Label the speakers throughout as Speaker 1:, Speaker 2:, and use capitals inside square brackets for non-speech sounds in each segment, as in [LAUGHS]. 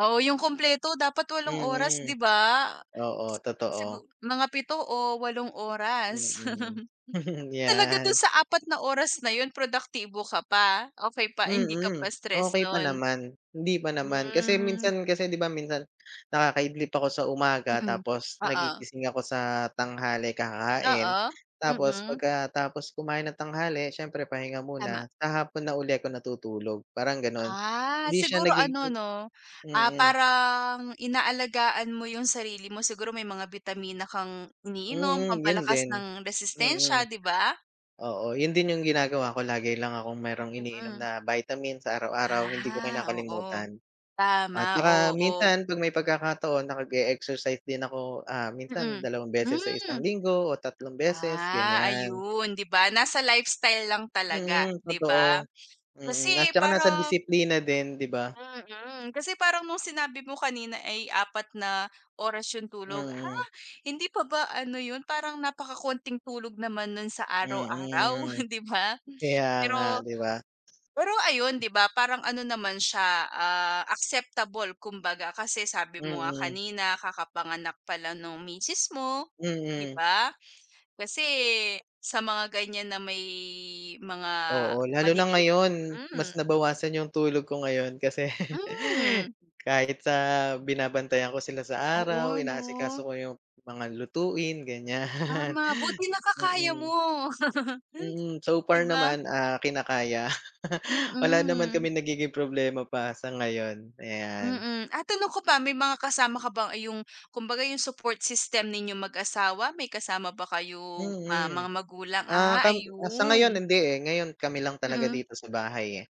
Speaker 1: Oo, yung kumpleto dapat walong oras,
Speaker 2: Mm.
Speaker 1: di ba?
Speaker 2: Oo,
Speaker 1: Si sigu
Speaker 2: totoo.
Speaker 1: mga 7 o 8 oras.
Speaker 2: Mm,
Speaker 1: [LAUGHS]
Speaker 2: [LAUGHS]
Speaker 1: Talaga dun
Speaker 2: 'yan.
Speaker 1: sa 4 na oras na yun, produktibo ka pa? Okey pa, hindi ka pa
Speaker 2: Mm.
Speaker 1: stress
Speaker 2: Okey pa
Speaker 1: nun?
Speaker 2: naman. Hindi pa naman. Kasi
Speaker 1: Hmm.
Speaker 2: minsan kasi 'di ba minsan, nakakaidlip ako sa umaga
Speaker 1: Mm.
Speaker 2: tapos
Speaker 1: Oo.
Speaker 2: nagigising ako sa tanghali, kakain.
Speaker 1: Oo.
Speaker 2: Tapos
Speaker 1: Mm.
Speaker 2: pagkatapos kumain nang tanghali, siyempre pahinga
Speaker 1: Tama.
Speaker 2: muna, sa hapon na uli ako natutulog. Parang ganon.
Speaker 1: Ah,
Speaker 2: Hindi siya
Speaker 1: siguro ano
Speaker 2: nagigi
Speaker 1: 'no, ah,
Speaker 2: mm.
Speaker 1: parang inaalagaan mo yung sarili mo. Siguro, may mga bitamina kang iniinom
Speaker 2: Mm, yun
Speaker 1: pampalakas
Speaker 2: din.
Speaker 1: ng
Speaker 2: Mm.
Speaker 1: resistensya, 'di ba?
Speaker 2: Oo, yun din yung ginagawa ko. Lagi lang akong merong iniinom
Speaker 1: Mm.
Speaker 2: na vitamin sa araw-araw, hindi ko
Speaker 1: Ah, oo.
Speaker 2: kinakalimutan. At
Speaker 1: Tama,
Speaker 2: saka
Speaker 1: oo.
Speaker 2: minsan, 'pag may pagkakataon, nakag e-exercise din ako. Ah, minsan
Speaker 1: Mm.
Speaker 2: dalawang beses sa
Speaker 1: Hmm.
Speaker 2: isang linggo o tatlong beses,
Speaker 1: Ah,
Speaker 2: ganyan.
Speaker 1: ayun, 'di ba? Nasa lifestyle lang talaga,
Speaker 2: Mm,
Speaker 1: di ba?
Speaker 2: totoo.
Speaker 1: Kasi
Speaker 2: Mm at saka nasa
Speaker 1: parang
Speaker 2: disiplina din, 'di ba?
Speaker 1: Mm. Kasi parang nung sinabi mo kanina ay 4 na oras yung tulog. Ha?
Speaker 2: Mm.
Speaker 1: Hindi pa ba ano yun, parang napakakonting tulog naman nun sa araw-araw,
Speaker 2: Mm.
Speaker 1: hindi ba?
Speaker 2: Kaya nga,
Speaker 1: Pero
Speaker 2: 'di ba?
Speaker 1: pero ayun, 'di ba, parang ano naman siya, ah, acceptable kumbaga. Kasi sabi mo nga
Speaker 2: Mm.
Speaker 1: kanina kakapanganak pala nung misis mo, 'di
Speaker 2: Mm.
Speaker 1: ba? Kasi sa mga ganyan na may mga
Speaker 2: Oo, lalo na
Speaker 1: maliliit
Speaker 2: ngayon mas
Speaker 1: mm.
Speaker 2: nabawasan yung tulog ko ngayon kasi [LAUGHS]
Speaker 1: Hmm.
Speaker 2: kahit sa binabantayan ko sila sa araw,
Speaker 1: Oo 'no.
Speaker 2: inaasikaso ko yung mga lutuin, ganyan.
Speaker 1: Tama. Buti
Speaker 2: [CHUCKLES]
Speaker 1: nakakaya
Speaker 2: Mm.
Speaker 1: mo. [LAUGHS]
Speaker 2: Mm. So
Speaker 1: 'Di
Speaker 2: far
Speaker 1: ba?
Speaker 2: naman, ah, kinakaya. [LAUGHS] Wala naman
Speaker 1: Mm.
Speaker 2: kaming nagiging problema pa sa ngayon. Ayan.
Speaker 1: Mm. Ah, tanong ko pa, may mga kasama ka ba yung kumbaga, yung support system ninyong mag-asawa, may kasama ba kayong, ah,
Speaker 2: Mm.
Speaker 1: mga magulang?
Speaker 2: Ah,
Speaker 1: Ah,
Speaker 2: kam ah, sa ngayon,
Speaker 1: ayun.
Speaker 2: hindi, eh. Ngayon kami lang talaga
Speaker 1: Mm.
Speaker 2: dito sa bahay, eh.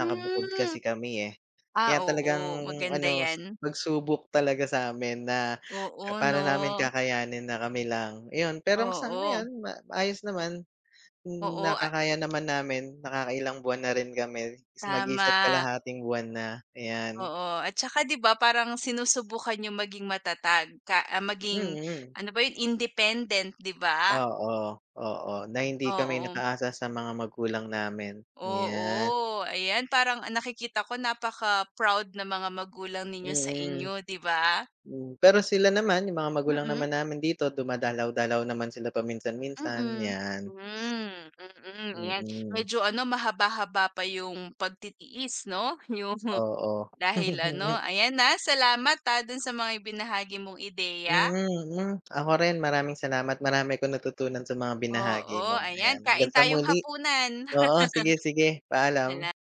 Speaker 2: Nakabukod kasi kami, eh.
Speaker 1: Ah,
Speaker 2: Kaya talagang
Speaker 1: oo. Maganda
Speaker 2: ano,
Speaker 1: 'yan.
Speaker 2: pagsubok talaga sa'min na
Speaker 1: Oo
Speaker 2: paano namin
Speaker 1: 'no.
Speaker 2: kakayanin na kami lang, iyon. Pero sa
Speaker 1: Oo.
Speaker 2: ngayon, ma maayos naman. Hmm,
Speaker 1: Oo, ah
Speaker 2: nakakaya naman namin. Nakakailang buwan na rin kami. Mag-iisa't
Speaker 1: Tama.
Speaker 2: kalahating buwan na. Ayan.
Speaker 1: Oo. At saka di ba parang sinusubukan niyong maging matatag ka ah, maging
Speaker 2: Mm.
Speaker 1: ano ba yun, independent, 'di ba?
Speaker 2: Oo, oo. Na hindi kami
Speaker 1: Oo.
Speaker 2: nakaasa sa mga magulang namin, 'yan.
Speaker 1: Oo. Ayan, parang ang nakikita ko napaka-proud ng mga magulang ninyo sa
Speaker 2: Mm.
Speaker 1: inyo, 'di ba?
Speaker 2: Hmm. Pero sila naman, yung mga magulang
Speaker 1: Mm.
Speaker 2: naman namin dito, dumadalaw-dalaw naman sila paminsan minsan,
Speaker 1: Mm.
Speaker 2: 'yan.
Speaker 1: Hmm. Mm. 'Yan,
Speaker 2: Mm.
Speaker 1: medyo ano mahaba-haba pa yung pagtitiis 'no, yung
Speaker 2: Oo.
Speaker 1: dahil ano.
Speaker 2: [LAUGHS]
Speaker 1: Ayan, ah, salamat, ah, dun sa mga ibinahagi mong ideya.
Speaker 2: Mm, mm. Ako rin, maraming salamat. Marami akong natutunan sa mga binahagi
Speaker 1: Oo,
Speaker 2: mo,
Speaker 1: ayan
Speaker 2: ayan.
Speaker 1: kain
Speaker 2: Hanggang sa
Speaker 1: tayong
Speaker 2: muli.
Speaker 1: hapunan.
Speaker 2: Oo. Sige, sige.
Speaker 1: [LAUGHS]
Speaker 2: Paalam.
Speaker 1: Sala